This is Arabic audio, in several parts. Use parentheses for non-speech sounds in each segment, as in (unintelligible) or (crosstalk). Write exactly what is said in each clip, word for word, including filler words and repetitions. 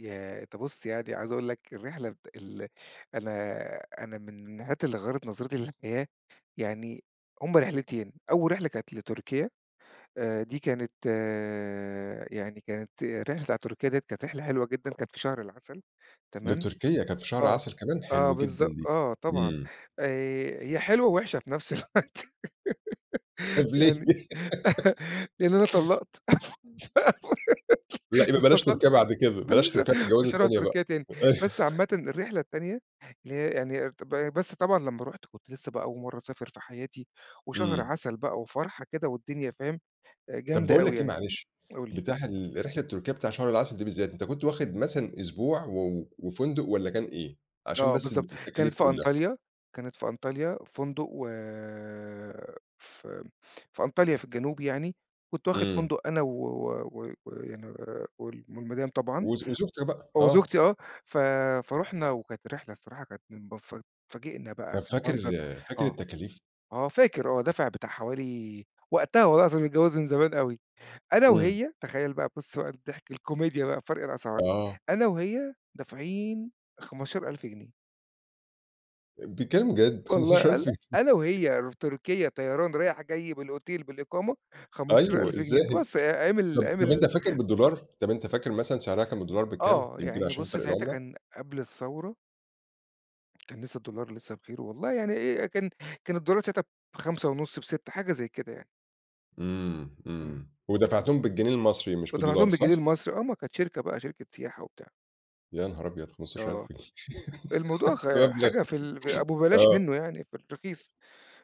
ياه! أنت بُصّ، يعني عايز اقول لك الرحلة بت ال أنا أنا من الرحلات اللي غيّرت نظرتي للحياة، يعني هُم رحلتين، أول رحلة كانت لتركيا آآ، دي كانت يعني كانت الرحلة بتاعة تركيا دِيَّة كانت رحلة حلوة جدًا، كانت في شهر العسل تمام، لتركيا، كانت في شهر آه، عسل كمان، آه حلو جدًا بالضبط، دي، آه طبعًا، إمم. آآ، هي حلوة ووحشة في نفس الوقت (laughs) طب ليه؟ يعني، (laughs) لإن أنا طلّقت لأ، (unintelligible) يبقى بلاش انفصلت، تركيا بعد كده، ما بلاش نيش تركيا في ه الجوازة مش هاروح التانية بقى، تركيا تاني، أيوه. بس عامةً الرحلة التانية اللي هي يعني ابت ب بس طبعًا لما رُحت كنت لسه بقى أول مرّة اسافر في حياتي، وشهر إمم. عسل بقى وفرحة كده والدنيا فاهم، آآ، طب جامدة باقول أوي لك إيه يعني. معلش، قُل لي. بتاع ال رحلة تركيا بتاع شهر العسل دي بالذات، أنت كنت واخد (unintelligible) مثلًا أسبوع، و و وفندق والَّا كان إيه؟ عشان آه بس ال بالضبط، كانت التكاليف في كُلَّها؟ أنطاليا، كانت في أنطاليا فندق و في م في أنطاليا في الجنوب يعني، كنت واخد إمم. فندق أنا و و و ويعني وال والمدام طبعًا، وز وزوجتك بقى، آه. وزوجتي آه، ف فرُحنا وكانت الرحلة الصراحة كانت من بف اتفاجئنا بقى طَب فاكر بالمنظر، فاكر آه، التكاليف؟ آه، فاكر آه، دافع بتاع حوالي وقتها والله العظيم متجوز من زمان أوي، أنا إمم. وهي تخيّل بقى بُصّ بقى الضحك، الكوميديا بقى، فرق الأسعار، آه. أنا وهي دافعين خَمَستاشر ألف جنيه. آآ، بتتكّلم جَد! خَمَستاشر والله الّا ألف جن أنا (laughs) وهي رو تركيا طيران رايح جاي بالأوتيل بالإقامة، خَمَستاشر أيوه، ألف جنيه، طبعًا إزاي! بس آآ، أيام ال طَب أيام طَب ال أنت فاكر بالدولار، طَب أنت فاكر مثلًا سعرها كان بالدولار بكام، آه، يمكن يعني عشان بُصّ فرق ساعتها العملة؟ كان قبل الثورة. كان لسه الدولار لسه بخيره والله يعني آآ، أ كان كان الدولار ساعتها بخَمسة ونص بسِتّة، حاجة زي كده يعني. إمم، إمم. إمم ودفعتهم بالجنيه المصري مش بالدولار ودفعتهم صح؟ بالجنيه المصري، آه، ما كانت شركة بقى، شركة سياحة وبتاع. يا نهار أبيض! خَمَستاشر ألف آه، جن الموضوع (laughs) ده غا مبلغ حاجة في الب أبو بلاش آه. منّه يعني في الرخيص،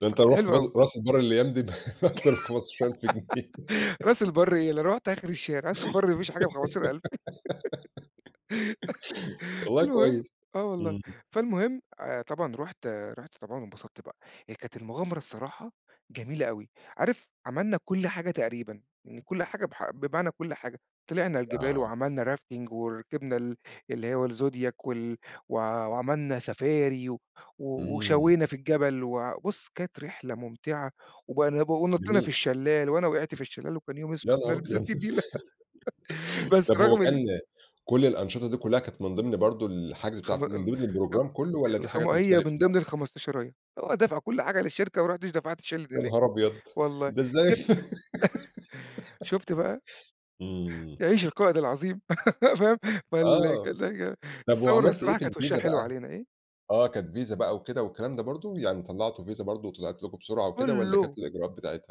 ده أنت فكانت لو رُحت حلوة بد أوي. راس البر الأيام دي، ب بأكتر من خَمَستاشر ألف جنيه. (laughs) (giggles) راس البرّ إيه، لو رُحت آخر الشارع، راس البر ما فيش حاجة بخَمَستاشر ألف (giggles) (laughs) والله المهم كويس، آه والله، إمم. فالمهم آآ، طبعًا رُحت رُحت طبعًا وانبسطت بقى. هي كانت المغامرة الصراحة جميلة أوي، عارف عملنا كُلّ حاجة تقريبًا، يعني كُلّ حاجة ب حق بمعنى كُلّ حاجة، طلعنا الجبال آه. وعملنا rafting وركبنا ال اللي هو الزوديك وال و وعملنا سفاري و و إمم. وشوينا في الجبل وع بُصّ، كانت رحلة ممتعة وبنل ونطّينا في جميل. الشلّال، وأنا وقعت في الشلّال وكان يوم يا أسود نهار ومنيّل أبيض! بستِين نيلة. (laughs) (laughs) بس طب هو رغم ال كان كُلّ الأنشطة دي كلّها، كانت من ضِمن برضه الحجز خم بتاع ال من ال ضِمن آآ، البروجرام كلّه والَّا دي الخما حاجات هي مختلفة من بقى؟ ضِمن الخمستشراية، آه، دافع كل حاجة للشركة، وما رُحتش دفعت شِلِن يا هناك، نهار أبيض! والله، ده إزاي؟ جبن (laughs) شُفت بقى. (laughs) إمم. يعيش القائد العظيم. (laughs) فاهم، فال آه، (unintelligible) ال طَب الثورة وعملت إيه الصراحة في كانت وشّها الفيزا حلو بقى؟ علينا. إيه؟ آه، كانت فيزا بقى وكده والكلام ده برضه، يعني طلّعتوا فيزا برضه، وطلعت لكم بسرعة وكده والَّا كانت كُلّه. إيه الإجراءات بتاعتها؟